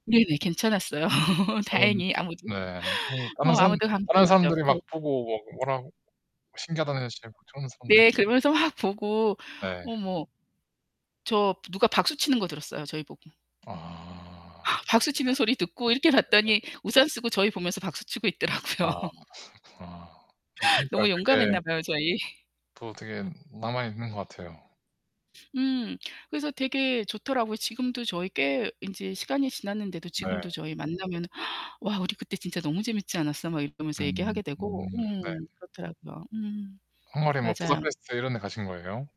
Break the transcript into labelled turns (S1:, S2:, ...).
S1: 네네. 괜찮았어요. 다행히 아무도.
S2: 네. 뭐 다른
S1: 뭐
S2: 사람
S1: 아무도 감기
S2: 다른
S1: 걸리지
S2: 사람들이 막
S1: 않고.
S2: 보고 뭐 워낙 신기하다는 식으로 진짜 걱정하는 사람도 있고.
S1: 네. 그러면서 막 보고
S2: 네.
S1: 어머. 저 누가 박수 치는 거 들었어요. 저희 보고.
S2: 아.
S1: 박수 치는 소리 듣고 이렇게
S2: [unintelligible]
S1: 봤더니 우산 쓰고 저희 보면서 박수 치고 있더라고요.
S2: 아 그렇구나. 음 그러니까요,
S1: 너무
S2: 되게
S1: 용감했나 봐요, 저희.
S2: 또 되게 남아있는 것 같아요.
S1: 음. 그래서 되게 좋더라고요. 지금도 저희 꽤 인제 시간이 지났는데도
S2: 네.
S1: 지금도 저희 만나면 "와, 우리 그때 진짜 너무 재밌지 않았어?" 막 이러면서
S2: 음.
S1: 얘기하게 되고.
S2: 네.
S1: 음. 그렇더라고요. 음.
S2: 헝가리에 뭐
S1: 맞아요.
S2: 부다페스트 이런 데 가신 거예요?